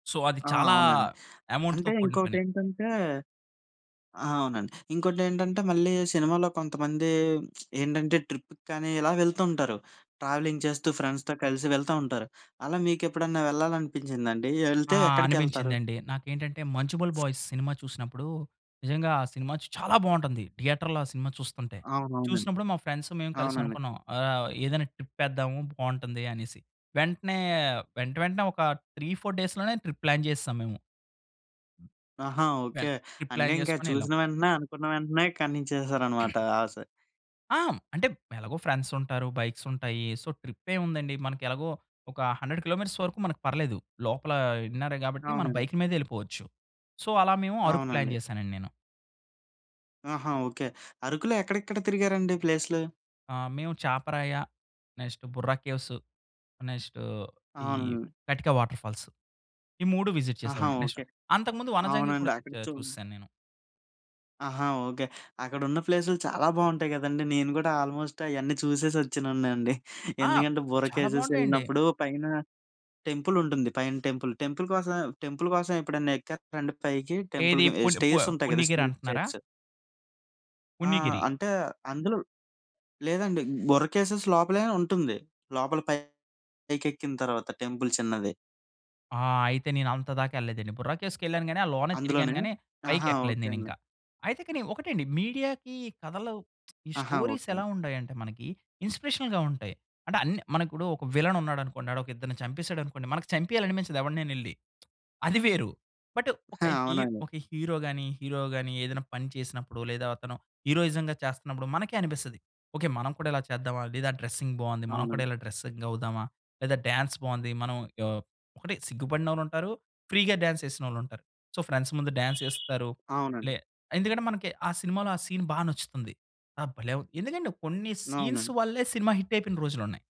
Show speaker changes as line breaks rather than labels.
So, అది
ఆ!
చాలా
అవునండి.
యమౌంట్‌తో
అంటే
కూడిన పని.
ఇంకోకటేంటంటే ఆ! అవునండి. ఇంకోటేంటంటే, మళ్ళీ సినిమాలో కొంతమంది ఏంటంటే, ట్రిప్పుకానీ ఇలా వెళ్తుంటారు. ట్రావెలింగ్ చేస్తూ, ఫ్రెండ్స్‌తో కలిసి వెళ్తా ఉంటారు. అలా మీకేప్పుడన్నా వెళ్లాలనిపించిందండి?
ఆ!
యెళ్తే ఎక్కడికెళ్తారు?
అనిపించిందండి. నాకేంటంటే, 'మంజుమ్మెల్ బాయ్స్' సినిమా చూసినప్పుడూ, నిజంగా ఆ సినిమా చ చాలా బాగుంటుంది. థియేటర్‌లో ఆ సినిమా చూస్తుంటే,
అవునవునండి.
చూసినప్పుడు, మా ఫ్రెండ్స్, మేము
అవునండి.
కలిసనుకున్నాం, ఆహ్, ఏదన్నా ట్రిప్పేద్దాము, బావుంటుంది అనేసి. వెంటనే, వెంట వెంటనే ఒక 3, 4 డేస్‌లోనే, ట్రిప్ ప్లాన్ జేసేశాం మేము.
ఆహా! ఓకే.
వెంట్ ట్రిప్
అంటే
ప్లాన్
ఇంకా
జేసుకొనెళ్ళాం.
చూసిన వెంటనే, అనుకున్న వెంటనే, కానిచ్చేసారనమాట, ఆశ.
ఆ! హ్మ్. అంటే, ఎలగో ఫ్రెండ్సుంటారు, బైక్సుంటాయి. సో ట్రిప్పేముందండి, మనకెలగో ఒక 100 కిలోమీటర్స్ వరకు మనకు పర్లేదు. లోపలా ఇన్నరే గాబట్టి, మనం
అవునండి.
బైకు మీదే ఎళ్ళిపోవచ్చు. సో, అలా మేము, అరకు
అవునండి.
ప్లాన్ జేశానండి నేను.
ఆహా! ఓకే. అరకులో ఎక్కడెక్కడ తిరిగారండి ప్లేస్లు?
ఆ! మేము చాపరాయి, నెక్స్టు బొర్రా కేవ్స్, ఆహ్, నెక్స్టు ఈ
అవునండి.
కటిక వాటర్ఫాల్స్. ఈ 3 విజిట్
ఆహా!
చేశామండి. Next
okay.
అంతకుముందు
ఆహ్,
వంజంగి
అవునండి.
గూడా చెక్
అక్కడ
చా
చు
చూసేసాను నేను.
ఆహా! ఓకే. అక్కడున్న ప్లేసులు చాలా బావుంటాయి గదండీ. నేను గూడా ఆల్‌మోస్ట్, అయన్నీ చూసేసొచ్చినోడినే అండి.
ఆ!
ఎందుకంటే బొర్రా
చాలా
కేవ్స్
బావుంటాయండి.
ఎళ్ళినప్పుడు, పైన టెంపులుంటుంది. పైన టెంపుల్, టెంపుల్ కోసమే టెంపుల్ కోసం, ఎప్పుడైనా ఎక్కేత్తారండి పైకి?
ఏది
టెంపుల్‌కి ఎహ్,
పున్ ప
స్టేర్సుంటాయి గదా!
పుణ్యగిరి
స్టీల్
అంటన్నారా?
స్టేర్స్. ఆ!
పుణ్యగిరి.
అంటే, అందులో లేదండి బొర్రా కేవ్స్ లోపలయినా ఉంటుంది. లోపల పైకెక్కిన తరవాత, టెంపుల్ చిన్నది.
ఆ! అయితే నేనంత దాకా ఎళ్ళలేదండి. బుర్రా కేవ్స్‌కెళ్ళానుగాని, ఆ లోనే తిరిగాను
అందులోనే
గాని,
ఆహా!
పైకెక్కలేదు
ఓకే అండి.
నేనింకా. అయితే కానీ ఒకటండి, మీడియాకి కథలు ఈ
ఆహా!
స్టోరీస్
ఓకే అండి.
ఎలా ఉంటాయంటే మనకి, ఇన్స్పిరేషనల్‌గా ఉంటాయి. అంటే అన్ మనకిప్పుడు ఒక విలనున్నాడనుకోండి, ఆడొక ఇద్దరిని చంపేసాడనుకోండి. మనకి చంపియాలనిపించదు ఎవడినైనా ఎళ్లి. అది వేరు. బట్టు ఒక
ఆ!
హీర్
అవునండి.
ఒక హీరో‌గాని, హీరో‌గాని ఏదన్నా పని చేసినప్పుడో, లేదా అతను హీరోయిజం‌గా చేస్తున్నప్పుడు మనకే అనిపిస్తది, ఓకే, మనం గూడా ఇలా చేద్దామా? లేదా డ్రెస్సింగ్ బావుంది, మనం కూడా
అవునండి.
ఇలా డ్రెస్సింగ్ అవుదామా? లేదా డాన్స్ బావుంది, మనం ఆహ్, ఒకటి సిగ్గుపడినొళ్ళుంటారు, ఫ్రీగా డాన్స్ చేసినోళ్ళుంటారు. సో ఫ్రెండ్స్ ముందు డాన్స్ ఎస్తారు, లే
అవునండి.
ఎందుకంటే, మనకి ఆ సినిమాలో, ఆ సీన్ బా నచ్చుతుంది. ఆహ్, భలే! వుం ఎందుకంటే, కొన్ని సీన్స్
అవునండి.
వల్లే, సినిమా హిట్టయిపోయిన రోజులున్నాయి.